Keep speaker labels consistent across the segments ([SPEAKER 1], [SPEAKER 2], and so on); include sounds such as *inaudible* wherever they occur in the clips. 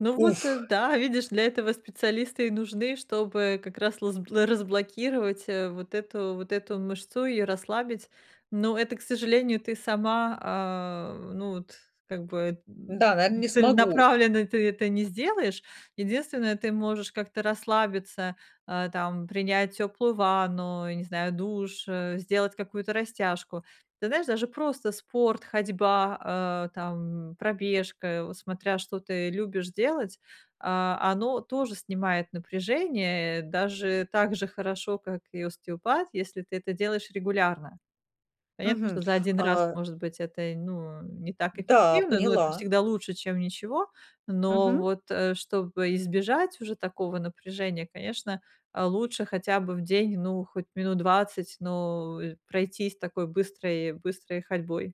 [SPEAKER 1] Ну вот,
[SPEAKER 2] Уф.
[SPEAKER 1] э, да, видишь, для этого специалисты и нужны, чтобы как раз разл разблокировать, э, вот эту вот эту мышцу и расслабить. Но это, к сожалению, ты сама, а, ну, вот как бы, м,
[SPEAKER 2] Да, наверно,
[SPEAKER 1] м,
[SPEAKER 2] не смогу.
[SPEAKER 1] целенаправленно ты это не сделаешь. Единственное, ты можешь как-то расслабиться, а, там, принять теплую ванну, я не знаю, душ, э, сделать какую-то растяжку. Ты знаешь, даже просто спорт, ходьба, э, там, пробежка, вот смотря, что ты любишь делать, а, оно тоже снимает напряжение, э, даже так же хорошо, как и остеопат, если ты это делаешь регулярно. Понятно,
[SPEAKER 2] Мгм.
[SPEAKER 1] что за 1 раз,
[SPEAKER 2] А
[SPEAKER 1] может быть, это й ну не так
[SPEAKER 2] Да,
[SPEAKER 1] эффективно, но это
[SPEAKER 2] поняла.
[SPEAKER 1] всегда лучше, чем ничего. Но
[SPEAKER 2] Мгм.
[SPEAKER 1] вот, э, чтобы избежать уже такого напряжения, конечно, э, лучше хотя бы в день, ну хоть минут 20, но, э, пройтись такой быстрой быстрой ходьбой.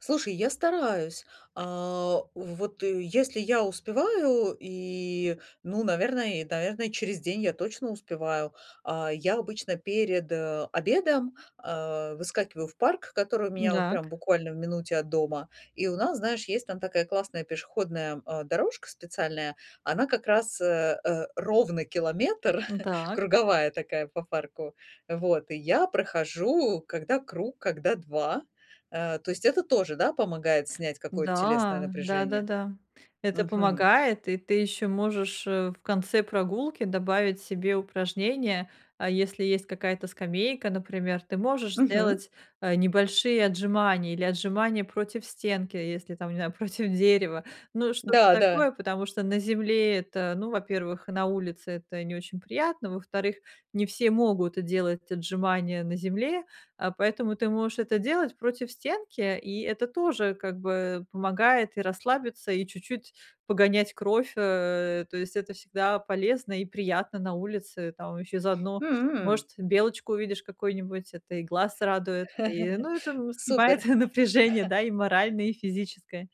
[SPEAKER 2] Слушай, я стараюсь. А, вот, э, если я успеваю и, ну, наверное, и, да, верно, через день я точно успеваю. А, я обычно перед, э, обедом, а, выскакиваю в парк, который у меня вот
[SPEAKER 1] М-дак.
[SPEAKER 2] прям буквально в минуте от дома. И у нас, знаешь, есть там такая классная пешеходная, м, э, дорожка специальная, она как раз, э, э, ровно километр,
[SPEAKER 1] М,
[SPEAKER 2] *chuckles*
[SPEAKER 1] так.
[SPEAKER 2] круговая такая по парку. Вот, и я прохожу, когда круг, когда 2. Э, то есть это тоже, да, помогает снять какое-то телесное
[SPEAKER 1] Да.
[SPEAKER 2] напряжение.
[SPEAKER 1] Да-да-да, это
[SPEAKER 2] Мгм.
[SPEAKER 1] помогает, и ты еще можешь, э, в конце прогулки добавить себе упражнения. А если есть какая-то скамейка, например, ты можешь
[SPEAKER 2] Мгм.
[SPEAKER 1] сделать, э, небольшие отжимания или отжимания против стенки, если там, не знаю, против дерева, ну, что-то
[SPEAKER 2] Да-да.
[SPEAKER 1] такое, потому что на земле это, ну, во-первых, на улице это не очень приятно, во-вторых, не все могут, э, делать отжимания на земле, а, поэтому ты можешь это делать против стенки, и это тоже, как бы, помогает и расслабиться, и чуть-чуть погонять кровь, э, то есть это всегда полезно и приятно на улице, там еще и заодно,
[SPEAKER 2] М.
[SPEAKER 1] может, белочку увидишь какую-нибудь, это и глаз радует. И,
[SPEAKER 2] *laughs*
[SPEAKER 1] ну, это, м, снимает
[SPEAKER 2] Супер.
[SPEAKER 1] напряжение,
[SPEAKER 2] *chuckles*
[SPEAKER 1] да, и моральное, и физическое.